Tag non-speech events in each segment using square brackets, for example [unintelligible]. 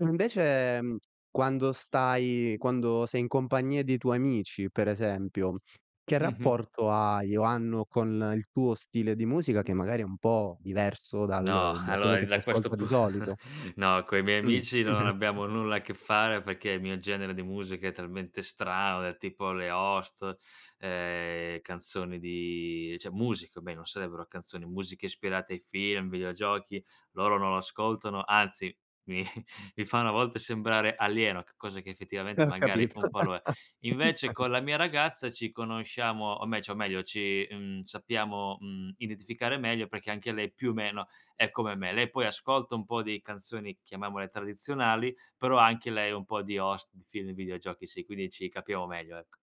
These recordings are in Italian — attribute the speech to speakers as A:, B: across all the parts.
A: Invece, ehm, quando stai quando sei in compagnia dei tuoi amici, per esempio, che
B: Mh-mh.
A: rapporto hai o hanno con il tuo stile di musica che magari è un po' diverso
B: No,
A: dal da quello
B: allora
A: che
B: in
A: si
B: da questo
A: ascolta di
B: pun
A: solito?
B: [laughs] no, coi miei
A: Mh.
B: amici non
A: [chuckles]
B: abbiamo nulla a che fare perché il mio genere di musica è talmente strano, del tipo le host, ehm, canzoni di cioè musica almeno, sarebbero canzoni, musiche ispirate ai film, videogiochi, loro non lo ascoltano, anzi mi [chuckles] mi fanno a volte sembrare alieno, che cosa che
A: E
B: effettivamente
A: ho
B: magari
A: capito,
B: un po' lo
A: [laughs]
B: è. Invece
A: [unintelligible]
B: con la mia ragazza ci conosciamo, o me cio meglio ci, mhmm, sappiamo, mhmm, identificare meglio perché anche lei più meno è come me. Lei poi ascolta un po' di canzoni, chiamiamole tradizionali, però anche lei un po' di host di film, videogiochi sì, quindi ci capiamo meglio, ecco.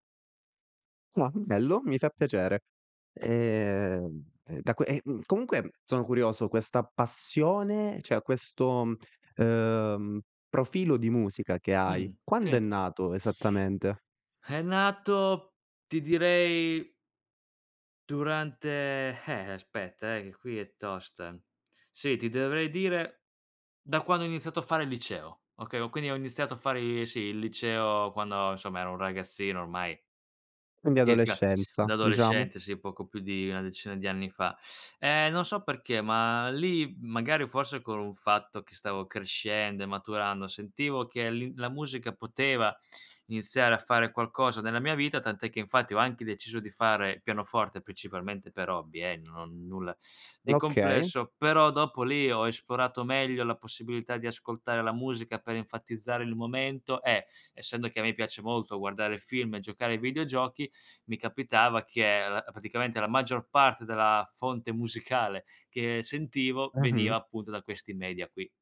A: Ah, bello. Mi fa piacere. Ehm, e da que ehm, comunque sono curioso, questa passione cioè questo, uhm, profilo di musica che hai,
B: Mh,
A: quando è
B: sì.
A: nato esattamente?
B: È nato ti direi durante eh aspetta, eh, che qui è tosta. Sì, ti dovrei dire da quando ho iniziato a fare il liceo. Okay, ho quindi ho iniziato a fare i sì il liceo quando insomma ero un ragazzino ormai.
A: Quindi
B: Circa
A: adolescenza,
B: da
A: diciamo.
B: adolescente, sì poco più di una decina di anni fa. Ehm non so perché, ma lì magari forse con un fatto che stavo crescendo e maturando sentivo che lì la musica poteva iniziare a fare qualcosa nella mia vita. Tant'è che infatti ho anche deciso di fare pianoforte, principalmente per hobby, eh, no nulla di
A: Okay.
B: complesso. Però dopo lì ho esplorato meglio la possibilità di ascoltare la musica per enfatizzare il momento e essendo che a me piace molto guardare film e giocare ai videogiochi, mi capitava che allo praticamente la maggior parte della fonte musicale che sentivo veniva
A: Mh-mh.
B: appunto da questi media qui.